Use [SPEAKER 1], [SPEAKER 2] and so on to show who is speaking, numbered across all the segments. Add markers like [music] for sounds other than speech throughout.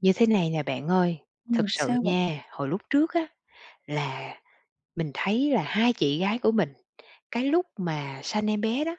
[SPEAKER 1] Như thế này nè bạn ơi. Thực
[SPEAKER 2] Ừm,
[SPEAKER 1] sự
[SPEAKER 2] sao vậy?
[SPEAKER 1] nha, hồi lúc trước á, là mình thấy là 2 chị gái của mình, cái lúc mà sanh em bé đó,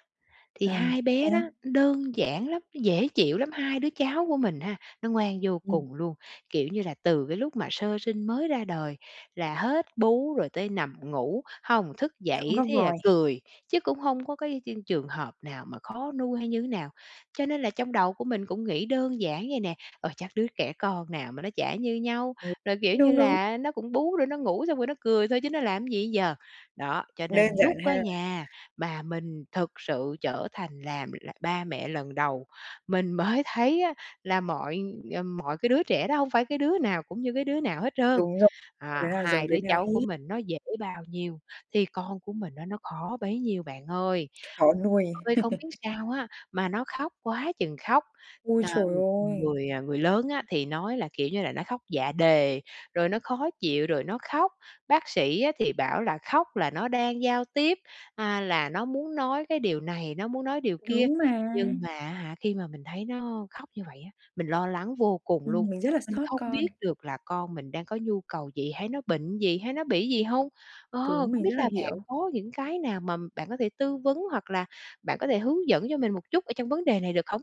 [SPEAKER 1] thì
[SPEAKER 2] À,
[SPEAKER 1] 2 bé
[SPEAKER 2] sao?
[SPEAKER 1] đó đơn giản lắm, nó dễ chịu lắm. 2 đứa cháu của mình ha, nó ngoan vô
[SPEAKER 2] Ừm.
[SPEAKER 1] cùng luôn. Kiểu như là từ cái lúc mà sơ sinh mới ra đời là hết bú rồi tới nằm ngủ, hông thức
[SPEAKER 2] Không
[SPEAKER 1] dậy
[SPEAKER 2] có
[SPEAKER 1] thế là
[SPEAKER 2] vòi.
[SPEAKER 1] cười, chứ cũng hông có cái cái trường hợp nào mà khó nuôi hay như thế nào. Cho nên là trong đầu của mình cũng nghĩ đơn giản vậy nè: "Ờ, chắc đứa trẻ con nào mà nó chả như nhau.
[SPEAKER 2] Ừ.
[SPEAKER 1] Rồi, kiểu như
[SPEAKER 2] Đúng, đúng.
[SPEAKER 1] là, nó cũng bú để nó ngủ, xong rồi nó cười thôi, chứ nó làm cái gì giờ?" Đó, cho
[SPEAKER 2] Đơn
[SPEAKER 1] nên lúc
[SPEAKER 2] giản ha.
[SPEAKER 1] á nha, mà mình thực sự trở thành làm l là ba mẹ lần đầu, mình mới thấy á, là mọi, ờ, mọi cái đứa trẻ đó hông phải cái đứa nào cũng như cái đứa nào hết trơn.
[SPEAKER 2] Đúng rồi, [unintelligible] đứa
[SPEAKER 1] À,
[SPEAKER 2] nào giống
[SPEAKER 1] 2
[SPEAKER 2] đứa
[SPEAKER 1] đứa
[SPEAKER 2] nào
[SPEAKER 1] cháu của
[SPEAKER 2] hết.
[SPEAKER 1] mình nó dễ bao nhiêu thì con của mình á, nó khó bấy nhiêu bạn ơi.
[SPEAKER 2] Khó nuôi.
[SPEAKER 1] Ơi, không biết
[SPEAKER 2] [chuckles]
[SPEAKER 1] sao á, mà nó khóc quá chừng khóc.
[SPEAKER 2] Ôi
[SPEAKER 1] À,
[SPEAKER 2] trời
[SPEAKER 1] ng
[SPEAKER 2] ơi!
[SPEAKER 1] người, à, người lớn á, thì nói là, kiểu như là, nó khóc dạ đề, rồi nó khó chịu, rồi nó khóc. Bác sĩ á, thì bảo là khóc là nó đang giao tiếp, à, là nó muốn nói cái điều này, nó muốn nói điều kia.
[SPEAKER 2] Đúng mà.
[SPEAKER 1] Nhưng mà, á hả, khi mà mình thấy nó khóc như vậy á, mình lo lắng vô cùng luôn.
[SPEAKER 2] Ừm, mình rất là
[SPEAKER 1] Mình
[SPEAKER 2] xót
[SPEAKER 1] không
[SPEAKER 2] con.
[SPEAKER 1] biết được là con mình đang có nhu cầu gì, hay nó bệnh gì, hay nó bị gì hông? Ờ,
[SPEAKER 2] Đúng,
[SPEAKER 1] không
[SPEAKER 2] mình rất
[SPEAKER 1] biết
[SPEAKER 2] là
[SPEAKER 1] là bạn
[SPEAKER 2] hiểu.
[SPEAKER 1] có những cái nào mà bạn có thể tư vấn, hoặc là bạn có thể hướng dẫn cho mình một chút ở trong vấn đề này được không?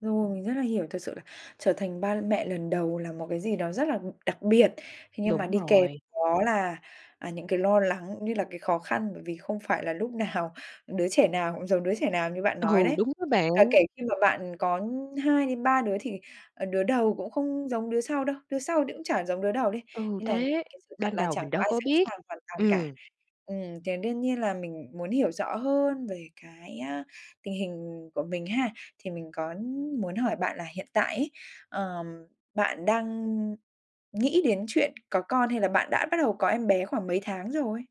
[SPEAKER 2] Rồi, mình rất là hiểu. Thật sự là trở thành ba mẹ lần đầu là một cái gì đó rất là đặc biệt. Thế nhưng mà
[SPEAKER 1] Đúng
[SPEAKER 2] đi kèm
[SPEAKER 1] rồi.
[SPEAKER 2] đó là, à, những cái lo lắng cũng như là cái khó khăn. Bởi vì không phải là lúc nào đứa trẻ nào cũng giống đứa trẻ nào như bạn nói
[SPEAKER 1] Ừ,
[SPEAKER 2] đấy.
[SPEAKER 1] đúng đó bạn.
[SPEAKER 2] Cả kể khi mà bạn có 2 đến 3 đứa, thì, ờ, đứa đầu cũng không giống đứa sau đâu, đứa sau thì cũng chả giống đứa đầu đi.
[SPEAKER 1] Ừ,
[SPEAKER 2] Nên là
[SPEAKER 1] thế,
[SPEAKER 2] cái sự thật
[SPEAKER 1] ban
[SPEAKER 2] là
[SPEAKER 1] đầu
[SPEAKER 2] chẳng
[SPEAKER 1] mình
[SPEAKER 2] có
[SPEAKER 1] đâu
[SPEAKER 2] ai
[SPEAKER 1] có
[SPEAKER 2] sẵn
[SPEAKER 1] biết.
[SPEAKER 2] sàng hoàn toàn cả.
[SPEAKER 1] Ừm.
[SPEAKER 2] Ừm, thì đương nhiên là mình muốn hiểu rõ hơn về cái, a, tình hình của mình ha. Thì mình có muốn hỏi bạn là hiện tại ấy, ờ, bạn đang nghĩ đến chuyện có con, hay là bạn đã bắt đầu có em bé khoảng mấy tháng rồi?